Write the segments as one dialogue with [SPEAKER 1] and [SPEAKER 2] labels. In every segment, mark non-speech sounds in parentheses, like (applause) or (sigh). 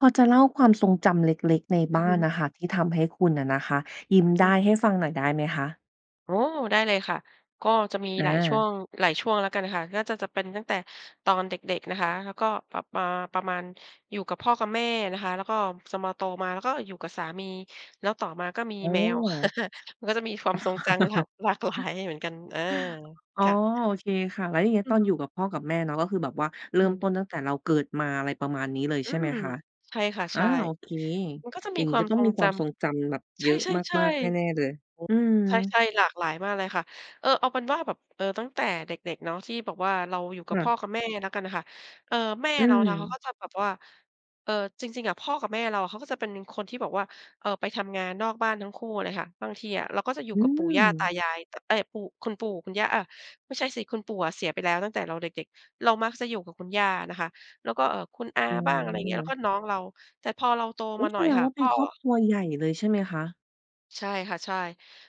[SPEAKER 1] พอจะเล่าความทรงจำเล็ก ๆ ใน
[SPEAKER 2] อ
[SPEAKER 1] บ
[SPEAKER 2] ือ
[SPEAKER 1] ้า
[SPEAKER 2] ฮึ
[SPEAKER 1] นน่ะค่ะ ที่ทำให้คุณน่ะนะคะยิ้ม
[SPEAKER 2] ไ
[SPEAKER 1] ไ
[SPEAKER 2] ด
[SPEAKER 1] ด
[SPEAKER 2] ้
[SPEAKER 1] ้
[SPEAKER 2] เล
[SPEAKER 1] ใ
[SPEAKER 2] ย
[SPEAKER 1] ห้ฟังหน่อยได้ไหมคะ?
[SPEAKER 2] อ๋อ ได้เลยค่ะ ก็จะมี
[SPEAKER 1] อ
[SPEAKER 2] หลายช่ว
[SPEAKER 1] า
[SPEAKER 2] ง หลายช่วงแล้วกันน่ะค่ะ น่าจะ จะเป็นตั้งแต่ตอนเด็ก ๆ นะคะ แล้วก็แบบ เอ่อ ประมาณอยู่กับพ่อกับแม่นะคะ แล้วก็จะมาโตมา แล้วก็อยู่กับสามี แล้วต่อมาก็มี
[SPEAKER 1] อื
[SPEAKER 2] แมว
[SPEAKER 1] ม
[SPEAKER 2] (laughs) มันก็จะมีความทรงจัง แบบหลากหลาย
[SPEAKER 1] (laughs)
[SPEAKER 2] เหมือนกัน อา
[SPEAKER 1] อ๋อ
[SPEAKER 2] ค่ะ
[SPEAKER 1] โอเคค่ะ แล้วอย่างงี้
[SPEAKER 2] อื
[SPEAKER 1] ต
[SPEAKER 2] อ
[SPEAKER 1] อน
[SPEAKER 2] ฮ
[SPEAKER 1] อยู
[SPEAKER 2] ึ
[SPEAKER 1] ่กับพ่อกับแม่เนาะ ก็คือแบบว่าเร
[SPEAKER 2] อ
[SPEAKER 1] ิ
[SPEAKER 2] ื
[SPEAKER 1] ่ม
[SPEAKER 2] ม
[SPEAKER 1] ต้นตั้งแต่เราเกิดมา อะไรประมาณนี้เลย
[SPEAKER 2] อื
[SPEAKER 1] ใช่ไหม
[SPEAKER 2] ม
[SPEAKER 1] คะ?
[SPEAKER 2] ใช่ค่ะ
[SPEAKER 1] อ
[SPEAKER 2] ใ
[SPEAKER 1] า
[SPEAKER 2] ช่
[SPEAKER 1] โอเค
[SPEAKER 2] มันก็จะ
[SPEAKER 1] อ
[SPEAKER 2] ม
[SPEAKER 1] ย่า
[SPEAKER 2] ี
[SPEAKER 1] ง
[SPEAKER 2] ค
[SPEAKER 1] งี้
[SPEAKER 2] วา
[SPEAKER 1] ก็
[SPEAKER 2] ม
[SPEAKER 1] ต้อ
[SPEAKER 2] ท
[SPEAKER 1] ง
[SPEAKER 2] รง
[SPEAKER 1] มีค
[SPEAKER 2] จ
[SPEAKER 1] วามทรงจำแบบ
[SPEAKER 2] ำ
[SPEAKER 1] เ
[SPEAKER 2] ใ
[SPEAKER 1] ยอะ
[SPEAKER 2] ช่
[SPEAKER 1] มาก ๆ แน่
[SPEAKER 2] ๆ
[SPEAKER 1] ๆ เลย
[SPEAKER 2] ๆ โอ้
[SPEAKER 1] อื
[SPEAKER 2] ใ
[SPEAKER 1] ม
[SPEAKER 2] ช่ ๆ หลากหลายมากเลยค่ะ เออ เอาเป็นว่าแบบ เออ ตั้งแต่เด็ก ๆ เนาะ ที่แบบว่าเราอยู่ก
[SPEAKER 1] ค
[SPEAKER 2] ับ
[SPEAKER 1] ่
[SPEAKER 2] พ่
[SPEAKER 1] ะ
[SPEAKER 2] อกับแม่ละกันค่ะ เอ่อ แม่
[SPEAKER 1] อื
[SPEAKER 2] เรานะเขา
[SPEAKER 1] ม
[SPEAKER 2] ก็จะแบบว่า เอ่อ จริง ๆ อะ พ่อกับแม่เราเขาก็จะเป็นคนที่แบบว่า เออ ไปทำงานนอกบ้านทั้งคู่เลยค่ะ บางทีอะเราก็จะอยู่
[SPEAKER 1] อื
[SPEAKER 2] กับปู่ย่าตา
[SPEAKER 1] ม
[SPEAKER 2] ยาย อ เอ๊ย ปู่ คุณปู่ คุณย่า อะ ไม่ใช่สิ คุณปู่อะเสียไปแล้วตั้งแต่เราเด็ก ๆ เรามักจะอยู่กับคุณย่านะคะ แล้วก็ เอ่อ คุณอา
[SPEAKER 1] อื
[SPEAKER 2] บ้าง อะไรอย่างเงี้ย แล้ว
[SPEAKER 1] อ
[SPEAKER 2] ก็น้องเรา แต่พอเราโต
[SPEAKER 1] อุ๊
[SPEAKER 2] ม
[SPEAKER 1] ย!
[SPEAKER 2] าห
[SPEAKER 1] แ
[SPEAKER 2] น่
[SPEAKER 1] ส
[SPEAKER 2] อย
[SPEAKER 1] ดง
[SPEAKER 2] ค่ะ
[SPEAKER 1] ว่าเ
[SPEAKER 2] พ
[SPEAKER 1] ป็
[SPEAKER 2] ่
[SPEAKER 1] น
[SPEAKER 2] อ
[SPEAKER 1] ครอบครัวใหญ่เลยใช่ไหมคะ?
[SPEAKER 2] ใช่ค่ะ ใช่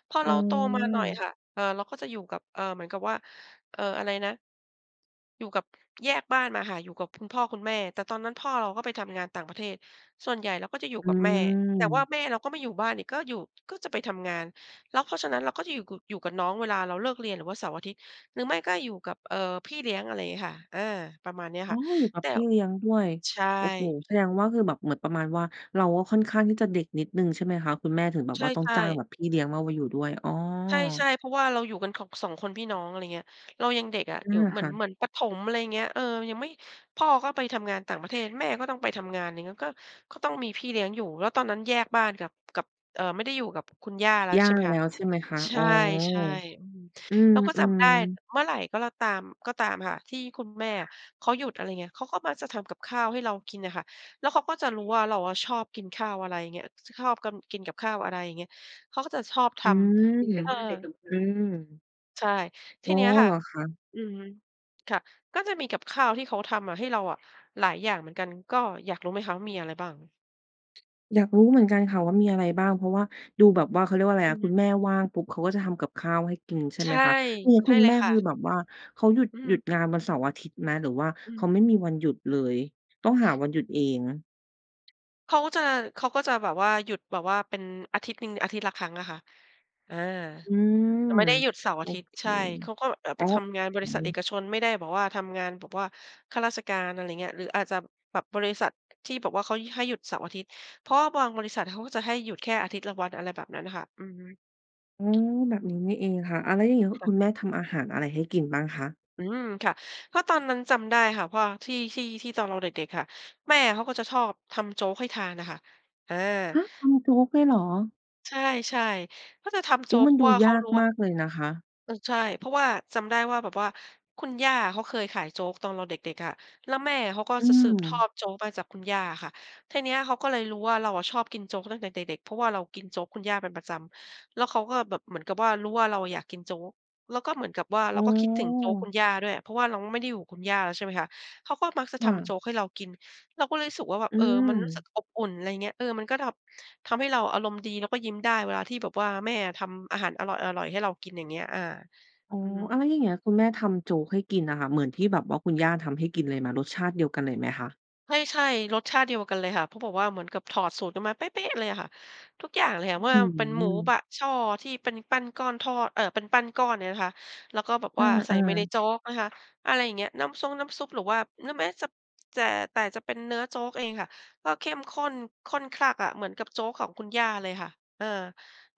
[SPEAKER 2] พอ
[SPEAKER 1] อื
[SPEAKER 2] เราโตมาหน่อย
[SPEAKER 1] ม
[SPEAKER 2] ค่ะ เออ เราก็จะอยู่กับ เอ่อ เหมือนกับว่า เอ่อ อะไรนะ? อยู่กับ แยกบ้านมาค่ะ อยู่กับคุณพ่อคุณแม่ แต่ตอนนั้นพ่อเราก็ไปทำงานต่างประเทศ ส่วนใหญ่เราก็จะอยู่
[SPEAKER 1] อื
[SPEAKER 2] กับแม่ แต่ว่า
[SPEAKER 1] ม
[SPEAKER 2] แม่เราก็ไม่อยู่บ้านอีก ก็อยู่ ก็จะไปทำงาน แล้วเพราะฉะนั้นเราก็จะอยู่ ก อยู่กับน้อง เวลาเราเลิกเรียน หรือว่าเสาร์อาทิตย์ หรือไม่ก็อยู่กับ เอ่อ พี่เลี้ยง อะไรอย่างงี้ค่ะ เออ ประมาณเนี้ย
[SPEAKER 1] อ้
[SPEAKER 2] ค
[SPEAKER 1] อ
[SPEAKER 2] ่ะ
[SPEAKER 1] อยู่กั
[SPEAKER 2] แ
[SPEAKER 1] บ
[SPEAKER 2] ต่
[SPEAKER 1] พี่เลี้ยงด้วย
[SPEAKER 2] ใช
[SPEAKER 1] โอ้โฮ
[SPEAKER 2] ่
[SPEAKER 1] แสดงว่าคือแบบเหมือนประมาณว่าเราก็ค่อนข้างที่จะเด็กนิดหนึ่งใช่ไหมคะ คุณแม่ถึงแบบ
[SPEAKER 2] ใ
[SPEAKER 1] ว่าต้อง
[SPEAKER 2] ช่
[SPEAKER 1] จ้าง
[SPEAKER 2] ๆ
[SPEAKER 1] แบบพี่เลี้ยงมา ว อยู่ด้วย? อ๋อ
[SPEAKER 2] ใช่ ๆ เพราะว่าเราอยู่กัน ค 2 คนพี่น้อง อะไรอย่างเงี้ย เรายังเด็กอะ
[SPEAKER 1] อา
[SPEAKER 2] อยู่ เหม
[SPEAKER 1] ค
[SPEAKER 2] ือ
[SPEAKER 1] ่
[SPEAKER 2] น
[SPEAKER 1] ะ
[SPEAKER 2] เหมือนประถม อะไรอย่างเงี้ย เออ ยังไม่ พ่อก็ไปทำงานต่างประเทศ แม่ก็ต้องไปทำงาน อย่างเงี้ย ก็ ก็ต้องมีพี่เลี้ยงอยู่ แล้วตอนนั้นแยกบ้านกับ กับ เอ่อ ไม่ได้อยู่กับคุณย่าแล้ว
[SPEAKER 1] ย่า
[SPEAKER 2] ใช่ไหม
[SPEAKER 1] แล
[SPEAKER 2] ค
[SPEAKER 1] ้
[SPEAKER 2] ะ
[SPEAKER 1] วใช่ไหมคะ?
[SPEAKER 2] ใช
[SPEAKER 1] อ๋อ
[SPEAKER 2] ่ ใช่ อืม
[SPEAKER 1] อื
[SPEAKER 2] เราก็จำ
[SPEAKER 1] อ
[SPEAKER 2] ได้
[SPEAKER 1] ๆ
[SPEAKER 2] เมื่อไหร่ก็แล้วตาม ก็ตามค่ะ ที่คุณแม่เขาหยุด อะไรเงี้ย เขาก็มักจะทำกับข้าวให้เรากินน่ะค่ะ แล้วเขาก็จะรู้ว่าเราอะชอบกินข้าว อะไรเงี้ย ช ชอบกัน กินกับข้าว อะไรอย่างเงี้ย เขาก็จะชอบท
[SPEAKER 1] อืม
[SPEAKER 2] ำ เออ
[SPEAKER 1] อืม
[SPEAKER 2] ใช่ ท
[SPEAKER 1] อ
[SPEAKER 2] ี
[SPEAKER 1] ้อ
[SPEAKER 2] เนี้ยค
[SPEAKER 1] เ
[SPEAKER 2] ่
[SPEAKER 1] ห
[SPEAKER 2] ะ
[SPEAKER 1] รอคะ?
[SPEAKER 2] อือฮึ ค่ะ ก็จะมีกับข้าวที่เขาทำมาให้เราอะหลายอย่างเหมือนกัน ก็อยากรู้ไหมคะว่ามีอะไรบ้าง?
[SPEAKER 1] อยากรู้เหมือนกันค่ะว่ามีอะไรบ้าง เพราะว่าดูแบบว่า เขาเรียกว่าอะไร
[SPEAKER 2] อื
[SPEAKER 1] อะ
[SPEAKER 2] อฮ
[SPEAKER 1] คุ
[SPEAKER 2] ึ
[SPEAKER 1] ณแม่ว่างปุ๊บเขาก็จะทำกับข้าวให้กินใช่
[SPEAKER 2] ใช
[SPEAKER 1] ไหม
[SPEAKER 2] ่
[SPEAKER 1] คะ? คือ
[SPEAKER 2] ใ
[SPEAKER 1] ค
[SPEAKER 2] ช่
[SPEAKER 1] ุณ
[SPEAKER 2] เล
[SPEAKER 1] แม่
[SPEAKER 2] ยค
[SPEAKER 1] ค
[SPEAKER 2] ่
[SPEAKER 1] ือ
[SPEAKER 2] ะ
[SPEAKER 1] แบบว่าเขาหยุด
[SPEAKER 2] อ
[SPEAKER 1] หยุ
[SPEAKER 2] ือ
[SPEAKER 1] ดงานวันเสาร์อาทิตย์ไหม หรือว่า
[SPEAKER 2] อ
[SPEAKER 1] เข
[SPEAKER 2] ือ
[SPEAKER 1] าไม่มีวันหยุดเลย ต้องหาวันหยุดเอง?
[SPEAKER 2] เขาจะ เขาก็จะแบบว่าหยุดแบบว่าเป็นอาทิตย์หนึ่ง อาทิตย์ละครั้งอะค่ะ อา
[SPEAKER 1] อืม
[SPEAKER 2] จะไม่ได้หยุดเสาร์อ
[SPEAKER 1] โอ
[SPEAKER 2] าทิตย์
[SPEAKER 1] เค
[SPEAKER 2] ใช่ เขาก็แบบ
[SPEAKER 1] โ
[SPEAKER 2] ไ
[SPEAKER 1] อ
[SPEAKER 2] ป
[SPEAKER 1] ้
[SPEAKER 2] ทำงานบ
[SPEAKER 1] อ
[SPEAKER 2] ร
[SPEAKER 1] ๋
[SPEAKER 2] ิษัทเอ
[SPEAKER 1] อ
[SPEAKER 2] กชน ไม่ได้แบบว่าทำงานแบบว่าข้าราชการ อะไรเงี้ย หรืออาจจะ แบบบริษัทที่แบบเขาให้หยุดเสาร์อาทิตย์ เพราะว่าบางบริษัทเขาจะให้หยุดแค่อาทิตย์ละวัน อะไรแบบนั้นน่ะค่ะ อือฮึ
[SPEAKER 1] อ๋อ แบบนี้นี่เองค่ะ อา แล้วอย่างงี้
[SPEAKER 2] ค่
[SPEAKER 1] คุ
[SPEAKER 2] ะ
[SPEAKER 1] ณแม่ทำอาหารอะไรให้กินบ้างคะ?
[SPEAKER 2] อืม ค่ะ ก็ตอนนั้นจำได้ค่ะ เพราะว่าที่ ที่ ที่ตอนเราเด็ก ๆ ค่ะ แม่เขาก็จะชอบทำโจ๊กให้ทานอะค่ะ อา
[SPEAKER 1] ฮะ ทำโจ๊กเลยเหรอ?
[SPEAKER 2] ใช่ ๆ ก็จะทำโ
[SPEAKER 1] อ
[SPEAKER 2] จ
[SPEAKER 1] ุ๊
[SPEAKER 2] ๊
[SPEAKER 1] ย ม
[SPEAKER 2] ก
[SPEAKER 1] ั
[SPEAKER 2] เ
[SPEAKER 1] น
[SPEAKER 2] พรา
[SPEAKER 1] ด
[SPEAKER 2] ะ
[SPEAKER 1] ู
[SPEAKER 2] ว่าเ
[SPEAKER 1] ย
[SPEAKER 2] ขา
[SPEAKER 1] าก
[SPEAKER 2] รู้ว
[SPEAKER 1] ม
[SPEAKER 2] ่า
[SPEAKER 1] ากเลยนะคะ
[SPEAKER 2] เออ ใช่ เพราะว่าจำได้ว่า แบบว่าคุณย่าเขาเคยขายโจ๊กตอนเราเด็ก ๆ อะ แล้วแม่เขาก็
[SPEAKER 1] อื
[SPEAKER 2] จะสืบทอ
[SPEAKER 1] ม
[SPEAKER 2] ดโจ๊กมาจากคุณย่าค่ะ ทีเนี้ยเขาก็เลยรู้ว่าเราอะชอบกินโจ๊กตั้งแต่เด็ก ๆ เพราะว่าเรากินโจ๊กคุณย่าเป็นประจำ แล้วเขาก็แบบเหมือนกับว่ารู้ว่าเราอยากกินโจ๊ก แล้วก็เหมือนกับว่าเร
[SPEAKER 1] อ
[SPEAKER 2] า
[SPEAKER 1] ๋
[SPEAKER 2] ก็คิดถึงโจ๊กค
[SPEAKER 1] อ
[SPEAKER 2] ุณย่าด้วย เพราะว่าเราไม่ได้อยู่กับคุณย่าแล้ว ใช่ไหมคะ เขาก็มักจะ
[SPEAKER 1] ค
[SPEAKER 2] ท
[SPEAKER 1] ่
[SPEAKER 2] ำโจ๊
[SPEAKER 1] ะ
[SPEAKER 2] กให้เรากิน เราก็เลยรู้สึกว่า แบบ
[SPEAKER 1] อื
[SPEAKER 2] เออ มันรู้สึก
[SPEAKER 1] ม
[SPEAKER 2] อบอุ่น อะไรเงี้ย เออ มันก็ดร็อป ทำให้เราอารมณ์ดีแล้วก็ยิ้มได้เวลาที่แบบว่าแม่อะทำอาหารอร่อย ๆ ให้เรากิน อย่างเงี้ย อา
[SPEAKER 1] อ๋อ
[SPEAKER 2] อือฮ
[SPEAKER 1] อ้
[SPEAKER 2] ึ
[SPEAKER 1] าว แล้วอย่างเงี้ยคุณแม่ทำโจ๊กให้กินอะค่ะ เหมือนที่แบบว่าคุณย่าทำให้กินเลยไหม รสชาติเดียวกันเลยไหมคะ?
[SPEAKER 2] ใช่ ๆ รสชาติเดียวกันเลยค่ะ เพราะแบบว่าเหมือนกับถอดสูตรกันมาเป๊ะ ๆ เลยอะค่ะ ทุกอย่างเลยค่ะ ว
[SPEAKER 1] อ
[SPEAKER 2] ่า
[SPEAKER 1] ื้อฮ
[SPEAKER 2] เป็นหม
[SPEAKER 1] ื
[SPEAKER 2] ูบ
[SPEAKER 1] อ
[SPEAKER 2] ะช่อที่เป็นปั้นก้อนทอด เออ เป็นปั้นก้อนเนี่ยนะคะ แล้วก็แบบ
[SPEAKER 1] อ
[SPEAKER 2] ว่าใส่
[SPEAKER 1] า
[SPEAKER 2] ไปใน
[SPEAKER 1] ๆ
[SPEAKER 2] โจ๊กนะคะ อะไรอย่างเงี้ย น้ำซง น้ำซุป หรือว่า หรือแม้จะ จะ แต่จะเป็นเนื้อโจ๊กเองค่ะก็เข้มข้น ข้นคลั่กอะ เหมือนกับโจ๊กของคุณย่าเลยค่ะ เออ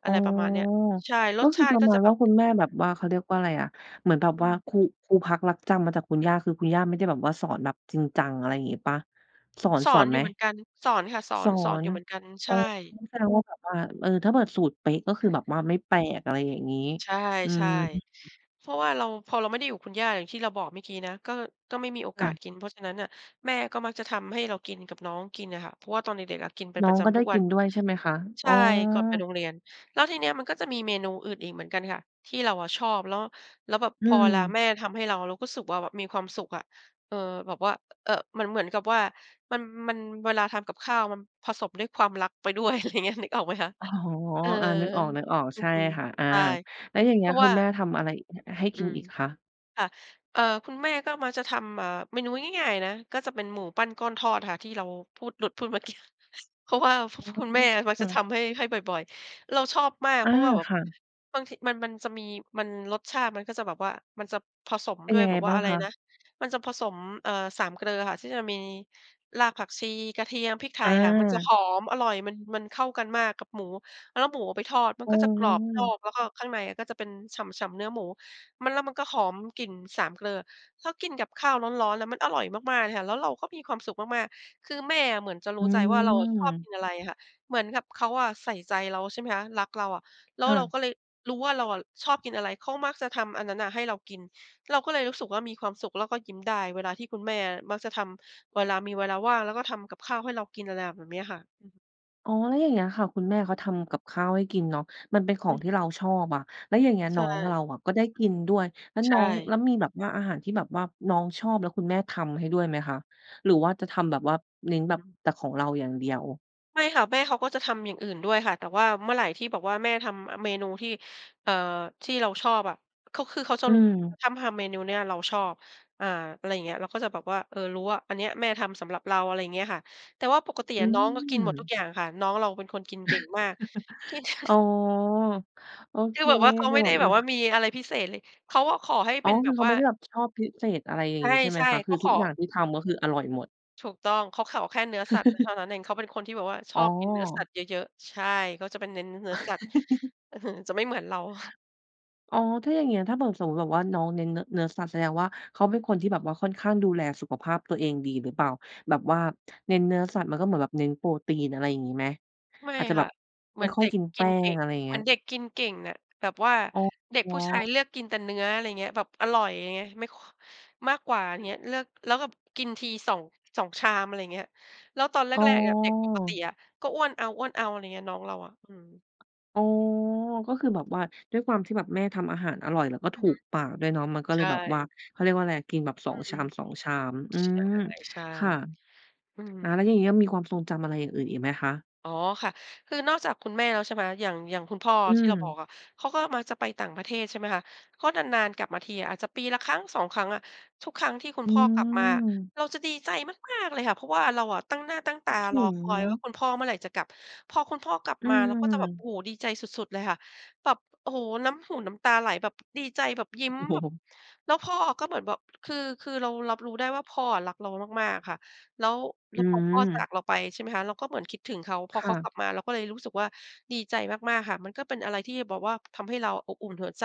[SPEAKER 1] อ
[SPEAKER 2] อ
[SPEAKER 1] ๋
[SPEAKER 2] ะ
[SPEAKER 1] อ
[SPEAKER 2] ไรประมาณเนี้ย ใช่
[SPEAKER 1] ก
[SPEAKER 2] ร
[SPEAKER 1] ็
[SPEAKER 2] ส
[SPEAKER 1] ค
[SPEAKER 2] ช
[SPEAKER 1] ือ
[SPEAKER 2] า
[SPEAKER 1] ป
[SPEAKER 2] ต
[SPEAKER 1] ร
[SPEAKER 2] ิ
[SPEAKER 1] ะ
[SPEAKER 2] ก็
[SPEAKER 1] มา
[SPEAKER 2] จ
[SPEAKER 1] ณ
[SPEAKER 2] ะแ
[SPEAKER 1] ว
[SPEAKER 2] บ
[SPEAKER 1] ่า
[SPEAKER 2] บ
[SPEAKER 1] คุณแม่แบ
[SPEAKER 2] อ
[SPEAKER 1] บ
[SPEAKER 2] ือ
[SPEAKER 1] ว่า เขาเรียกว่าอะไรอะ เหมือนแบบ
[SPEAKER 2] อื
[SPEAKER 1] ว่า
[SPEAKER 2] ม
[SPEAKER 1] คู พูพักลักจำ มาจากคุณย่า คือคุณย่าไม่ได้แบบว่าสอนแบบจริงจัง อะไรอย่างงี้เปล่า สอน
[SPEAKER 2] ส
[SPEAKER 1] ส
[SPEAKER 2] อ
[SPEAKER 1] อ
[SPEAKER 2] น
[SPEAKER 1] นไ
[SPEAKER 2] อย
[SPEAKER 1] ห
[SPEAKER 2] ู
[SPEAKER 1] ม?
[SPEAKER 2] ่เหมือนกัน สอนค่ะสอ
[SPEAKER 1] ส
[SPEAKER 2] น
[SPEAKER 1] อ
[SPEAKER 2] สอนอ
[SPEAKER 1] น
[SPEAKER 2] ยู่เหมือนกัน ใ
[SPEAKER 1] อ
[SPEAKER 2] ช
[SPEAKER 1] ๋อ
[SPEAKER 2] ่
[SPEAKER 1] แสดงว่าแบบว่า เออ ถ้าเกิด สูตรเป๊ะก็คือแบบว่าไม่แปลก อะไรอย่างงี้
[SPEAKER 2] ใช่
[SPEAKER 1] อื
[SPEAKER 2] ใช
[SPEAKER 1] ม
[SPEAKER 2] ่ เพราะว่าเรา พอเราไม่ได้อยู่กับคุณย่า อย่างที่เราบอกเมื่อกี้นะ ก็ ก็ไม่มีโอ
[SPEAKER 1] ค
[SPEAKER 2] ก
[SPEAKER 1] ่
[SPEAKER 2] าส
[SPEAKER 1] ะ
[SPEAKER 2] กิน เพราะฉะนั้นน่ะแม่ก็มักจะทำให้เรากินกับน้องกินอะค่ะ เพราะว่าตอนเด็ก ๆ อะกินเป็น
[SPEAKER 1] น้อ
[SPEAKER 2] ปร
[SPEAKER 1] ง
[SPEAKER 2] ะจ
[SPEAKER 1] ก็ไ
[SPEAKER 2] ำ
[SPEAKER 1] ด
[SPEAKER 2] ท
[SPEAKER 1] ้
[SPEAKER 2] ุก
[SPEAKER 1] ก
[SPEAKER 2] วั
[SPEAKER 1] ิ
[SPEAKER 2] น
[SPEAKER 1] นด้วยใช่ไหมคะ?
[SPEAKER 2] ใช
[SPEAKER 1] อ๋อ
[SPEAKER 2] ่ ก่อนไปโรงเรียน แล้วทีเนี้ยมันก็จะมีเมนูอื่นอีกเหมือนกันค่ะที่เราอะชอบ แล้ว แล้วแบบ
[SPEAKER 1] อื
[SPEAKER 2] พอเวลา
[SPEAKER 1] ม
[SPEAKER 2] แม่ทำให้เรา เราก็สึก ว่าแบบมีความสุขอะ เออ แบบว่า เอ่อ เหมือน เหมือนกับว่ามัน มันเวลาทำกับข้าว มันผสมด้วยความรัก ไปด้วย อะไรเงี้ย นึกออกไหมคะ
[SPEAKER 1] อ๋อ
[SPEAKER 2] เออ
[SPEAKER 1] อา นึกออก ๆ
[SPEAKER 2] อ
[SPEAKER 1] ใ
[SPEAKER 2] ื
[SPEAKER 1] ช่
[SPEAKER 2] อ
[SPEAKER 1] ค่ะ อา
[SPEAKER 2] ๆ ใช่
[SPEAKER 1] แล้วอย่างเ
[SPEAKER 2] เ
[SPEAKER 1] ง
[SPEAKER 2] พ
[SPEAKER 1] ี้
[SPEAKER 2] ร
[SPEAKER 1] ย
[SPEAKER 2] าะ
[SPEAKER 1] ค
[SPEAKER 2] ว
[SPEAKER 1] ุ
[SPEAKER 2] ่า
[SPEAKER 1] ณแม่ทำอะไรอีก ให้ก
[SPEAKER 2] อื
[SPEAKER 1] ิน
[SPEAKER 2] ม
[SPEAKER 1] อีกคะ?
[SPEAKER 2] ค่ะ เออ คุณแม่ก็มักจะทำ อ่า เมนูง่าย ๆ นะ ก็จะเป็นหมูปั้นก้อนทอดค่ะ ที่เราพูด หลุดพูดเมื่อกี้ เพราะว่า พ
[SPEAKER 1] อ
[SPEAKER 2] คุณแม่มัก
[SPEAKER 1] ื
[SPEAKER 2] จ
[SPEAKER 1] อ
[SPEAKER 2] ะท
[SPEAKER 1] อ
[SPEAKER 2] ำให้ ให้บ่อย ๆ เราชอบมาก
[SPEAKER 1] อ
[SPEAKER 2] เ
[SPEAKER 1] า
[SPEAKER 2] พราะว่าแบบ
[SPEAKER 1] ค่ะ
[SPEAKER 2] บางที มัน มันจะมี มัน รสชาติมันก็จะแบบว่า มันจะผสม
[SPEAKER 1] เป็
[SPEAKER 2] ด
[SPEAKER 1] น
[SPEAKER 2] ้ว
[SPEAKER 1] ย
[SPEAKER 2] ย
[SPEAKER 1] ังไ
[SPEAKER 2] แ
[SPEAKER 1] ง
[SPEAKER 2] บบว
[SPEAKER 1] บ
[SPEAKER 2] ่า
[SPEAKER 1] ้าง
[SPEAKER 2] อะไร
[SPEAKER 1] คะ?
[SPEAKER 2] นะ มันจะผสม เอ่อ สามเกลออะค่ะที่จะมีรากผักชี กระเทียม พริกไทยค่ะ มันจะ
[SPEAKER 1] อา
[SPEAKER 2] หอม อร่อย มัน มันเข้ากันมากกับหมู แล้วหมูเอาไปทอดมัน
[SPEAKER 1] อ๋
[SPEAKER 2] ก
[SPEAKER 1] อ
[SPEAKER 2] ็จะกรอบนอก แล้วก็ข้างในอะก็จะเป็นฉ่ำ ๆ เนื้อหมู มัน แล้วมันก็หอมกลิ่นสามเกลอ ถ้ากินกับข้าวร้อน ๆ แล้วมันอร่อยมาก ๆ เลยค่ะ แล้วเราก็มีความสุขมาก ๆ คือแม่อะเหมือนจะ
[SPEAKER 1] อ
[SPEAKER 2] รู้ใจว่าเราอะชอบ
[SPEAKER 1] ืม
[SPEAKER 2] กินอะไรอะค่ะ เหมือนกับเขาอะใส่ใจเรา ใช่ไหมคะ รักเราอะ แล้
[SPEAKER 1] ค
[SPEAKER 2] ว
[SPEAKER 1] ่
[SPEAKER 2] เรา
[SPEAKER 1] ะ
[SPEAKER 2] ก็เลย รู้ว่าเราอะชอบกินอะไร เขามักจะทำอันนั้นน่ะให้เรากิน เราก็เลยรู้สึกว่ามีความสุข แล้วก็ยิ้มได้เวลาที่คุณแม่มักจะทำ เวลามีเวลาว่าง แล้วก็ทำกับข้าวให้เรากิน อะไรแบบเนี้ยค่ะ อือฮึ
[SPEAKER 1] อ๋อ แล้วอย่างเงี้ยค่ะ คุณแม่เขาทำกับข้าวให้กินเนาะ มันเป็นขอ
[SPEAKER 2] อื
[SPEAKER 1] งท
[SPEAKER 2] ม
[SPEAKER 1] ี่เราชอบอะ แล้วอย่างเงี้ย
[SPEAKER 2] ใช
[SPEAKER 1] น้อง
[SPEAKER 2] ่
[SPEAKER 1] เราอะก็ได้กินด้วย แล้ว
[SPEAKER 2] ใ
[SPEAKER 1] น
[SPEAKER 2] ช
[SPEAKER 1] ้อง แล้
[SPEAKER 2] ่
[SPEAKER 1] วมีแบบว่าอาหารที่แบบว่าน้องชอบแล้วคุณแม่ทำให้ด้วยไหมคะ? หรือว่าจะทำแบบว่าเน้น
[SPEAKER 2] อ
[SPEAKER 1] แบ
[SPEAKER 2] ือ
[SPEAKER 1] บ
[SPEAKER 2] ฮึ
[SPEAKER 1] แต่ของเราอย่างเดียว?
[SPEAKER 2] ไม่ค่ะ แม่เขาก็จะทำอย่างอื่นด้วยค่ะ แต่ว่าเมื่อไหร่ที่แบบแม่ทำ อะ เมนูที่ เออ ที่เราชอบอะ เขา คือเขาจะ
[SPEAKER 1] อื
[SPEAKER 2] รู้
[SPEAKER 1] ม
[SPEAKER 2] ถ้ำทำเมนูเนี่ยเราชอบ อา อะไรอย่างเงี้ย เราก็จะบอกว่า เออ รู้ว่า อันเนี้ยแม่ทำสำหรับเรา อะไรอย่างเงี้ยค่ะ แต่ว่าปกติ
[SPEAKER 1] อื
[SPEAKER 2] อะน้องก็กินหมดทุก
[SPEAKER 1] ม
[SPEAKER 2] อย่างค่ะ น้องเราเป็นคนกินเก่งมาก กิน
[SPEAKER 1] (chuckles) อ๋อ โอ
[SPEAKER 2] ค
[SPEAKER 1] เค
[SPEAKER 2] ือแบบว่าเขา
[SPEAKER 1] จ
[SPEAKER 2] ไ
[SPEAKER 1] ะ
[SPEAKER 2] ม่
[SPEAKER 1] แบ
[SPEAKER 2] ได้
[SPEAKER 1] บ
[SPEAKER 2] แ
[SPEAKER 1] อ
[SPEAKER 2] บ
[SPEAKER 1] ื
[SPEAKER 2] บ
[SPEAKER 1] อ
[SPEAKER 2] ว่ามีอะไรพิเศษเลย เขาก็ขอให้
[SPEAKER 1] อ๋
[SPEAKER 2] เ
[SPEAKER 1] อ
[SPEAKER 2] ป็นแ
[SPEAKER 1] ค
[SPEAKER 2] บ
[SPEAKER 1] ือ
[SPEAKER 2] บ
[SPEAKER 1] เขา
[SPEAKER 2] ว่
[SPEAKER 1] ไม
[SPEAKER 2] า
[SPEAKER 1] ่ได้แบบชอบพิเศษ อะไรอย่างงี้ ใช่ไห
[SPEAKER 2] ใ
[SPEAKER 1] ม
[SPEAKER 2] ช่
[SPEAKER 1] คะ ค
[SPEAKER 2] ๆ
[SPEAKER 1] ื
[SPEAKER 2] ก
[SPEAKER 1] อ
[SPEAKER 2] ็
[SPEAKER 1] ท
[SPEAKER 2] ข
[SPEAKER 1] ุก
[SPEAKER 2] อ
[SPEAKER 1] อย่างที่ทำ ก็คืออร่อยหมด
[SPEAKER 2] ถูกต้อง เขาขอแค่เนื้อสัตว์ก็เท่
[SPEAKER 1] (laughs)
[SPEAKER 2] านั้นเอง เขาเป็นคนที่แบบว่าช
[SPEAKER 1] อ๋
[SPEAKER 2] อ
[SPEAKER 1] อ
[SPEAKER 2] บกินเนื้อสัตว์เยอะ ๆ ใช่ เขาจะเป็นเน้นเนื้อสัตว์
[SPEAKER 1] (chuckles)
[SPEAKER 2] อื้อฮือ จะไม่เหมือนเรา
[SPEAKER 1] อ๋อ ถ้าอย่างเงี้ย ถ้าเผื่อสมมุติแบบว่าน้องเน้นเนื้อ เนื้อสัตว์ แสดงว่าเขาเป็นคนที่แบบว่าค่อนข้างดูแลสุขภาพตัวเองดีหรือเปล่า? แบบว่าเน้นเนื้อสัตว์ มันก็เหมือนแบบเน้นโปรตีน อะไรอย่างงี้ไหม?
[SPEAKER 2] ไม่
[SPEAKER 1] อาจจะแบ
[SPEAKER 2] ค่
[SPEAKER 1] บ
[SPEAKER 2] ะ เ
[SPEAKER 1] ไ
[SPEAKER 2] ห
[SPEAKER 1] ม
[SPEAKER 2] มื
[SPEAKER 1] ่
[SPEAKER 2] อน
[SPEAKER 1] ค่อ
[SPEAKER 2] เด
[SPEAKER 1] ย
[SPEAKER 2] ็ก
[SPEAKER 1] กินแ
[SPEAKER 2] ก
[SPEAKER 1] ป
[SPEAKER 2] ิน
[SPEAKER 1] ้
[SPEAKER 2] เก
[SPEAKER 1] ง
[SPEAKER 2] ่ง
[SPEAKER 1] อะไรอย่างเ
[SPEAKER 2] เ
[SPEAKER 1] ง
[SPEAKER 2] หม
[SPEAKER 1] ี
[SPEAKER 2] ื
[SPEAKER 1] ้
[SPEAKER 2] อ
[SPEAKER 1] ย
[SPEAKER 2] นเด็กกินเก่งน่ะ แบบว่า
[SPEAKER 1] อ๋
[SPEAKER 2] เด็กผู้ชาย
[SPEAKER 1] อ
[SPEAKER 2] เลือกกินแต่เนื้อ อะไรเงี้ย แบบอร่อยไง ไม่ ค มากกว่าเงี้ย เลือกแล้วแบบกินที 2- 2 ชาม อะไรอย่างเงี้ย แล้วตอนแร
[SPEAKER 1] อ๋
[SPEAKER 2] ก ๆ อะ เด็กปกติ
[SPEAKER 1] อ
[SPEAKER 2] อะ ก็อ้วนเอา ๆ อะไรเงี้ย น้องเราอะ อืม
[SPEAKER 1] อ๋อ ก็คือแบบว่าด้วยความที่แบบแม่ทำอาหารอร่อยแล้วก็
[SPEAKER 2] อ
[SPEAKER 1] ถ
[SPEAKER 2] ือ
[SPEAKER 1] ู
[SPEAKER 2] ฮึ
[SPEAKER 1] กปากด้วยเนาะ มันก็เ
[SPEAKER 2] ใ
[SPEAKER 1] ล
[SPEAKER 2] ช
[SPEAKER 1] ย
[SPEAKER 2] ่
[SPEAKER 1] แบบว่า เขาเรียกว่าไร กินแบบ ส
[SPEAKER 2] อ
[SPEAKER 1] อ
[SPEAKER 2] ื
[SPEAKER 1] ง
[SPEAKER 2] ม
[SPEAKER 1] ชาม 2 ชาม อืม
[SPEAKER 2] ใช่
[SPEAKER 1] ค่ะ
[SPEAKER 2] ๆ อื
[SPEAKER 1] อา
[SPEAKER 2] ม
[SPEAKER 1] แล้วอย่างงี้อะมีความทรงจำอะไรอย่างอื่นอีกไหมคะ?
[SPEAKER 2] อ๋อค่ะ คือนอกจากคุณแม่แล้วใช่ไหม อย่าง อย่างคุณพ่อ
[SPEAKER 1] อื
[SPEAKER 2] ที่เราบอ
[SPEAKER 1] ม
[SPEAKER 2] กอะ เขาก็มักจะไปต่างประเทศ ใช่ไหมคะ ก็นาน ๆ กลับมาทีอะ อาจจะปีละครั้ง 2 ครั้งอะ ทุกครั้งที่คุณ
[SPEAKER 1] อื
[SPEAKER 2] พ่อกลับมาอะ
[SPEAKER 1] ม
[SPEAKER 2] เราจะดีใจมาก ๆ เลยค่ะ เพราะว่าเราอะตั้งหน้าตั้งต
[SPEAKER 1] คิ
[SPEAKER 2] า
[SPEAKER 1] ดถ
[SPEAKER 2] ร
[SPEAKER 1] ึ
[SPEAKER 2] อ
[SPEAKER 1] ง
[SPEAKER 2] คอ
[SPEAKER 1] เน
[SPEAKER 2] ย
[SPEAKER 1] า
[SPEAKER 2] ว่
[SPEAKER 1] ะ
[SPEAKER 2] า คุณพ่อเมื่อไหร่จะกลับ พอคุณพ่อกลับ
[SPEAKER 1] อื
[SPEAKER 2] มาเราก็จะแบบ โอ้
[SPEAKER 1] ม
[SPEAKER 2] โฮ ดีใจสุด ๆ เลยค่ะ แบบ โอ้โฮ น้ำหูน้ำตาไหลแบบดีใจแบบยิ
[SPEAKER 1] โอ
[SPEAKER 2] ้
[SPEAKER 1] ้
[SPEAKER 2] ม
[SPEAKER 1] โ
[SPEAKER 2] แบบ
[SPEAKER 1] ฮ
[SPEAKER 2] แล้วพ่อก็เหมือนแบบ คือ คือเรารับรู้ได้ว่า พ่ออะรักเรามาก ๆ ค่ะ แล้ว แ
[SPEAKER 1] อ
[SPEAKER 2] ล้
[SPEAKER 1] ื
[SPEAKER 2] วพอพ่อจา
[SPEAKER 1] ม
[SPEAKER 2] กเราไปใช่ไหมคะ เราก็เหมือนคิดถึงเขา พ
[SPEAKER 1] ค
[SPEAKER 2] อเ
[SPEAKER 1] ่
[SPEAKER 2] ขาก
[SPEAKER 1] ะ
[SPEAKER 2] ลับมาเราก็เลยรู้สึกว่า ดีใจมาก ๆ ค่ะ มันก็เป็นอะไรที่แบบว่าทำให้เราอะอบอุ่นหัวใจ